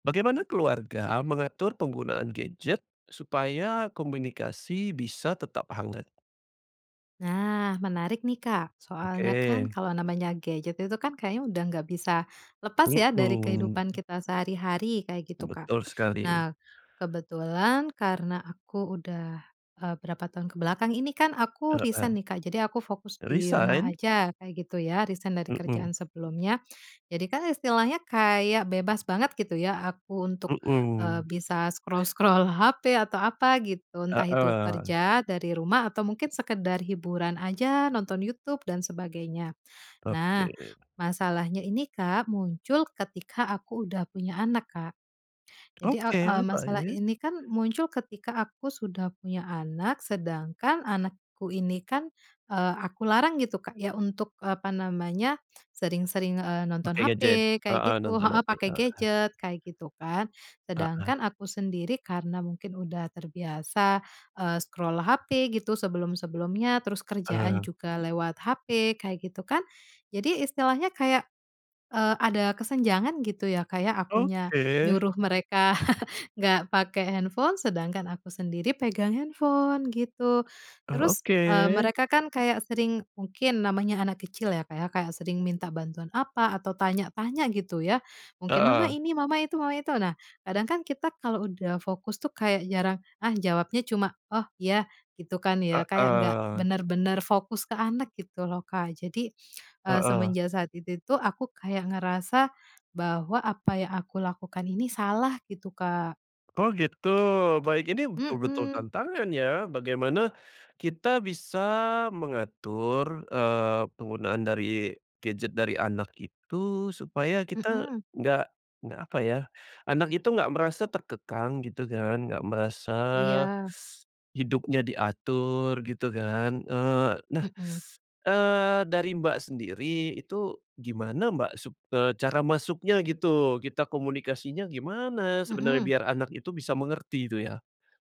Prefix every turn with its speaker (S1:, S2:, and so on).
S1: Bagaimana keluarga mengatur penggunaan gadget supaya komunikasi bisa tetap hangat?
S2: Nah menarik nih Kak, soalnya kan
S1: Oke.
S2: kalau namanya gadget itu kan kayaknya udah nggak bisa lepas ya dari
S1: Mhm.
S2: kehidupan kita sehari-hari, kayak gitu Kak.
S1: Betul sekali.
S2: Nah, kebetulan karena aku udah eee, berapa tahun ke belakang ini kan aku resign
S1: Heeh.
S2: nih Kak, jadi aku fokus di rumah
S1: Resign?
S2: aja kayak gitu ya, resign dari kerjaan
S1: Mhm.
S2: sebelumnya. Jadi kan istilahnya kayak bebas banget gitu ya aku untuk, eee,
S1: Mhm.
S2: bisa scroll-scroll HP, atau apa gitu, entah itu
S1: Heeh.
S2: kerja dari rumah atau mungkin sekedar hiburan aja nonton Youtube dan sebagainya.
S1: Oke.
S2: Nah, masalahnya ini Kak muncul ketika aku udah punya anak, Kak. Jadi, e eee,
S1: Oke,
S2: masalah
S1: baik.
S2: ini kan muncul ketika aku sudah punya anak, sedangkan anakku ini kan, eee, aku larang gitu Kak ya, untuk apa namanya, sering-sering, e nonton
S1: Pakai
S2: HP
S1: gadget?
S2: kayak
S1: Heeh,
S2: gitu
S1: nonton
S2: heeh,
S1: Netflix,
S2: pake
S1: heeh.
S2: gadget kayak gitu kan.
S1: Heeh.
S2: Sedangkan aku sendiri karena mungkin udah terbiasa, eee, scroll HP gitu, sebelum sebelumnya, terus
S1: E
S2: kerjaan
S1: eh.
S2: juga lewat HP, kayak gitu kan. Jadi istilahnya kayak, eee, ada kesenjangan gitu ya Kak ya, akunya
S1: Oke.
S2: nyuruh mereka nggak pake handphone sedangkan aku sendiri pegang handphone, gitu.
S1: Oh
S2: Terus,
S1: oke.
S2: eee, mereka kan kayak sering mungkin namanya anak kecil ya Kak ya, kayak sering minta bantuan apa, atau tanya-tanya gitu ya, mungkin "mama
S1: Heeh.
S2: ini", "mama itu", "mama itu" nah, kadang kan kita kalau udah fokus tuh kayak jarang ah jawabnya cuma, "oh ya" gitu kan ya, kayak nggak
S1: Heeh.
S2: benar-benar fokus ke anak gitu loh Kak. Jadi, eee,
S1: Heeh.
S2: semenjak saat itu tuh aku kayak ngerasa, bahwa apa yang aku lakukan ini salah gitu, Kak.
S1: Oh gitu, baik ini betul-betul
S2: Mhm.
S1: tantangan ya, bagaimana kita bisa mengatur, eee, penggunaan dari gadget dari anak itu, supaya kita
S2: Mhm.
S1: nggak nggak, apa ya, anak itu nggak merasa terkekang gitu kan, nggak merasa
S2: Iya.
S1: hidupnya diatur gitu kan, eee, nah,
S2: Mhm.
S1: eee, dari Mbak sendiri itu gimana Mbak sup eee, cara masuknya gitu, kita komunikasinya gimana sebenarnya
S2: Mhm.
S1: biar anak itu bisa mengerti itu ya?